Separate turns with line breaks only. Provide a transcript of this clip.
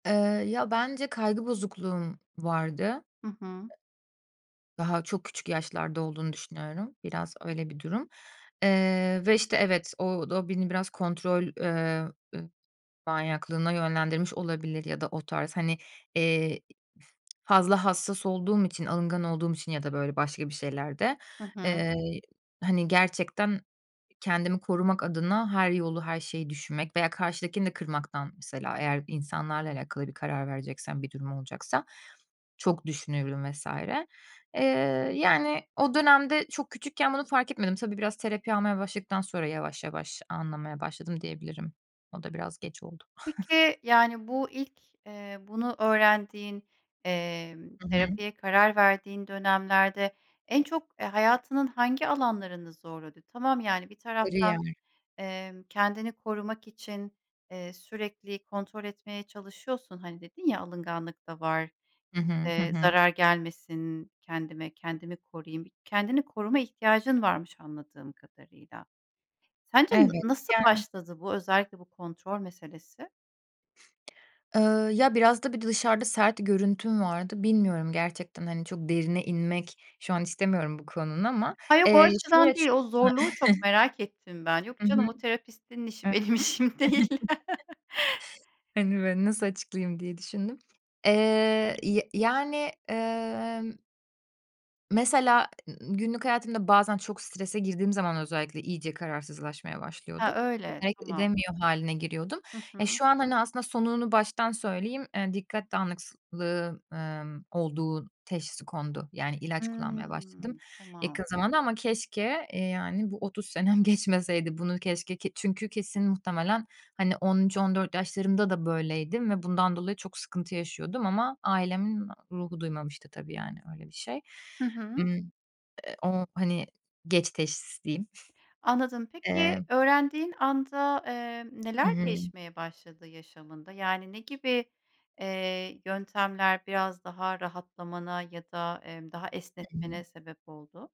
Eee, ya, bence kaygı bozukluğum vardı.
Hı hı.
I Daha çok küçük yaşlarda olduğunu düşünüyorum. Biraz öyle bir durum, eee, ve, işte, evet, o d o beni biraz kontrol, eee, eee, manyaklığına yönlendirmiş olabilir ya da o tarz hani, eee, i fazla hassas olduğum için, alıngan olduğum için ya da böyle başka bir şeylerde,
Hı hı.
eee, hani gerçekten kendimi korumak adına her yolu her şeyi düşünmek veya karşıdakini de kırmaktan mesela eğer insanlarla alakalı bir karar vereceksem bir durum olacaksa çok düşünüyorum vs. Eee, yani o dönemde çok küçükken bunu fark etmedim. Tabii, biraz terapi almaya başladıktan sonra yavaş yavaş anlamaya başladım diyebilirim. O da biraz geç oldu.
Peki, yani, bu ilk, eee, bunu öğrendiğin, emm,
Hı hı.
terapiye karar verdiğin dönemlerde en çok, eee, hayatının hangi alanlarını zorladı? Tamam, yani bir taraftan,
Kariyer.
emm, kendini korumak için, iii, sürekli kontrol etmeye çalışıyorsun. Hani dedin ya alınganlık da var,
Hı hı. Hı
eee,
hı.
zarar gelmesin kendime, kendimi koruyayım, bir kendini koruma ihtiyacın varmış anladığım kadarıyla. Sence na
Evet,
nasıl
yani
başladı bu özellikle bu kontrol meselesi?
Iıı, ya, biraz, tabii, dışarıda sert görüntüm vardı. Bilmiyorum gerçekten, hani, çok derine inmek şu an istemiyorum bu konunun ama,
Ha, yok o
eee,
açıdan
şöyle
değil
şu
o
ha
zorluğu çok merak ettim ben. Yok
Hı hı.
canım o
[unintelligible]
terapistinin işi benim işim değil.
Hani böyle nasıl açıklayayım diye düşündüm. Eee, y yani, emm Mesela ı ııı, günlük hayatımda bazen çok girdiğim zaman özellikle iyice kararsızlaşmaya
Ha,
başlıyordum. [unintelligible]
öyle,
Hareket
tamam.
edemiyor hâline giriyordum.
Hı
E,
hı.
şu an, hani, aslında sonunu baştan söyleyeyim, eee, dikkat dağınıklığı, emm, olduğu teşhisi kondu. Yani ilaç kullanmaya başladım
Hımm.
yakın
Tamam.
zamanda ama keşke, eee, yani bu 30 senem geçmeseydi bunu keşke ki çünkü kesin muhtemelen hani 13-14 yaşlarımda da böyleydim ve bundan dolayı çok sıkıntı yaşıyordum ama ailemin ruhu duymamıştı tabii. Yani öyle bir şey.
Hı hı.
Imm, eee, o hani geç teşhis diyeyim.
Anladım,
Eee
peki öğrendiğin anda, eee,
Hı
neler
hı.
değişmeye başladı yaşamında? Yani ne gibi, eee, yöntemler biraz daha rahatlamana ya da, emm, daha
Hı
esnetmene
hı.
sebep oldu?